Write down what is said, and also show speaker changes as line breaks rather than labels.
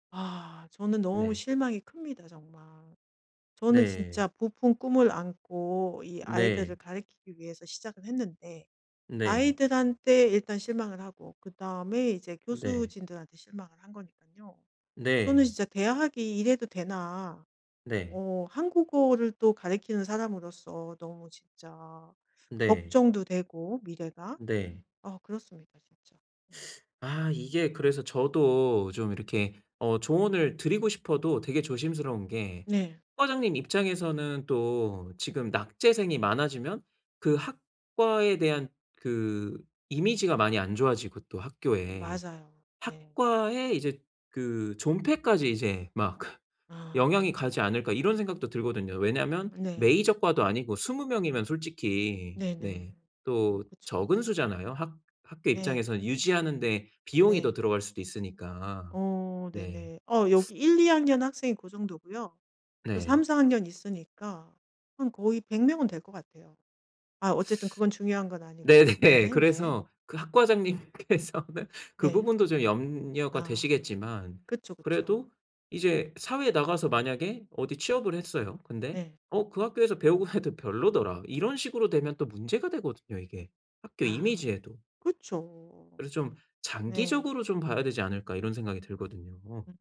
아 저는 너무
네.
실망이 큽니다 정말. 저는
네.
진짜 부푼 꿈을 안고 이 아이들을
네.
가르키기 위해서 시작을 했는데
네.
아이들한테 일단 실망을 하고 그다음에 이제
네.
교수진들한테 실망을 한 거니깐요. 저는
네.
진짜 대학이 이래도 되나.
네.
어 한국어를 또 가르치는 사람으로서 너무 진짜
네.
걱정도 되고 미래가
네.
아 그렇습니다 진짜. 음.
아 이게 그래서 저도 좀 이렇게 어 조언을 드리고 싶어도 되게 조심스러운 게
네.
학과장님 입장에서는 또 지금 낙제생이 많아지면 그 학과에 대한 그 이미지가 많이 안 좋아지고 또 학교에
맞아요. 네.
학과에 이제 그 존폐까지 이제 막 그
아.
영향이 가지 않을까 이런 생각도 들거든요. 왜냐하면
네.
메이저 과도 아니고 20 명이면 솔직히 네
네네. 음
또
그쵸.
적은 수잖아요. 학 학교
네.
입장에서는 유지하는데 비용이 더
네.
들어갈 수도 있으니까.
어
네.
네네. 어 여기 1-2 학년 학생이 그 정도고요. 또
네.
3-4 학년 있으니까 한 거의 100 명은 될 것 같아요. 아 어쨌든 그건 중요한 건 아니고
네네.
네네.
그래서 그 학과장님께서는 그
네.
부분도 좀 염려가
아
되시겠지만
그쵸, 그쵸.
그래도 이제 사회에 나가서 만약에 어디 취업을 했어요. 근데
네.
"어 그 학교에서 배우고 해도 별로더라." 이런 식으로 되면 또 문제가 되거든요 이게. 학교
아.
이미지에도.
그쵸.
그래서 좀
네.
장기적으로 좀 봐야 되지 않을까 이런 생각이 들거든요.
음.